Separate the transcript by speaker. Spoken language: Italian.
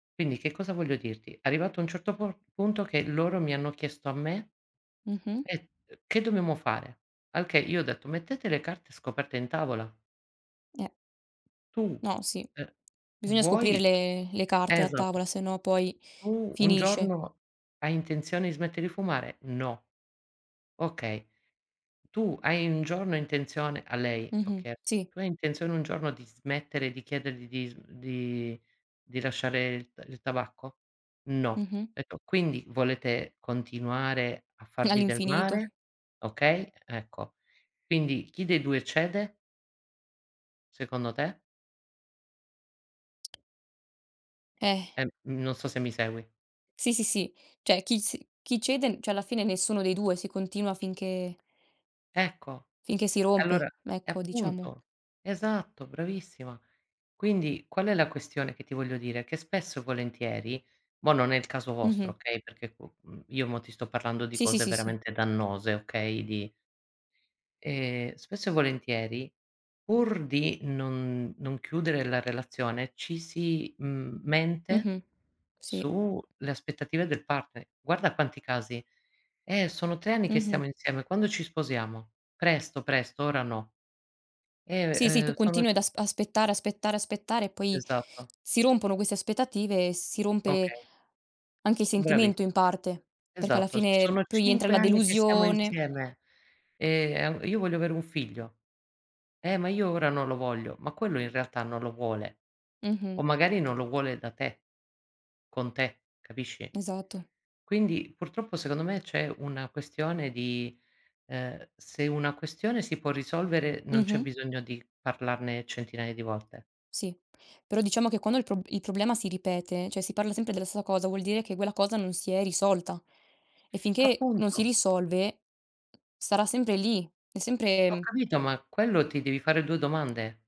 Speaker 1: Quindi che cosa voglio dirti, arrivato a un certo por punto che loro mi hanno chiesto a me
Speaker 2: Mh-mh.
Speaker 1: "eh, uhm, che che dobbiamo fare?" Al che io ho detto: "Mettete le carte scoperte in tavola."
Speaker 2: Eh.
Speaker 1: Tu,
Speaker 2: No sì,
Speaker 1: eh,
Speaker 2: bisogna scoprire
Speaker 1: vuoi
Speaker 2: le le carte a
Speaker 1: esatto.
Speaker 2: tavola, se no poi
Speaker 1: "Tu un
Speaker 2: finisce.
Speaker 1: giorno, hai intenzione di smette di fumare?" "No." Okay. "Tu hai un giorno intenzione" a lei ho
Speaker 2: Mh-mh.
Speaker 1: chies
Speaker 2: Sì.
Speaker 1: "Tu hai intenzione un giorno di smettere, di chiedergli di sm di di lasciare il t il tabacco?" "No."
Speaker 2: Mh-mh.
Speaker 1: Etto: "Quindi volete continuare a farvi del
Speaker 2: All'infinito.
Speaker 1: mare?" Okay, ecco, quindi chi dei 2 cede? Secondo te?
Speaker 2: Eh.
Speaker 1: Ehm non so se mi segui?
Speaker 2: Sì, sì, sì. Cioè chi s chi cede n cioè alla fine nessuno dei 2, si continua finché
Speaker 1: Ecco,
Speaker 2: Finché si
Speaker 1: allora
Speaker 2: rompe,
Speaker 1: eh,
Speaker 2: ecco diciamo.
Speaker 1: appunto. Esatto, bravissima. Quindi, qual è la questione che ti voglio dire, che spesso e volentieri mo non è il caso vostro,
Speaker 2: Mh-mh.
Speaker 1: okay, perché co mhmm, io mo ti sto parlando di
Speaker 2: Sì, sì,
Speaker 1: cose
Speaker 2: sì, sì.
Speaker 1: veramente dannose, okay, di Ehm, spesso e volentieri, pur di non non chiudere la relazione, ci si mhmm, mente
Speaker 2: Mh-mh. Sì.
Speaker 1: su le aspettative del partner. Guarda quanti casi. "Eh, sono 3 anni che
Speaker 2: Mh-mh.
Speaker 1: stiamo insieme, quando ci sposiamo?" "Presto, presto, ora no."
Speaker 2: Sì, sì,
Speaker 1: Ehm,
Speaker 2: tu
Speaker 1: eh, "Sono"
Speaker 2: continui ad as aspettare, aspettare, aspettare poi
Speaker 1: Esatto.
Speaker 2: si rompono queste aspettative e si rompe
Speaker 1: Okay.
Speaker 2: anche il sentimento
Speaker 1: Bravissim
Speaker 2: in parte, perché alla
Speaker 1: Esatto.
Speaker 2: fine
Speaker 1: "Sono
Speaker 2: poi entra
Speaker 1: 5
Speaker 2: la
Speaker 1: anni che stiamo
Speaker 2: delusione.
Speaker 1: insieme, ehm, an io voglio avere un figlio." "Eh, ma io ora non lo voglio." Ma quello in realtà non lo vuole.
Speaker 2: Mh-mh.
Speaker 1: O magari non lo vuole da te con te, capisci?
Speaker 2: Esatto.
Speaker 1: Quindi, purtroppo secondo me c'è una questione di ehm, se una questione si può risolvere non c'è
Speaker 2: Mh-mh.
Speaker 1: bisogno di parlarne centinaia di volte.
Speaker 2: Sì, però diciamo che quando il pro il problema si ripete, cioè si parla sempre della stessa cosa, vuol dire che quella cosa non si è risolta. E finché non si
Speaker 1: Appunto.
Speaker 2: risolve sarà sempre lì, è
Speaker 1: Ho
Speaker 2: sempre
Speaker 1: capito, ma quello ti devi fare 2 domande.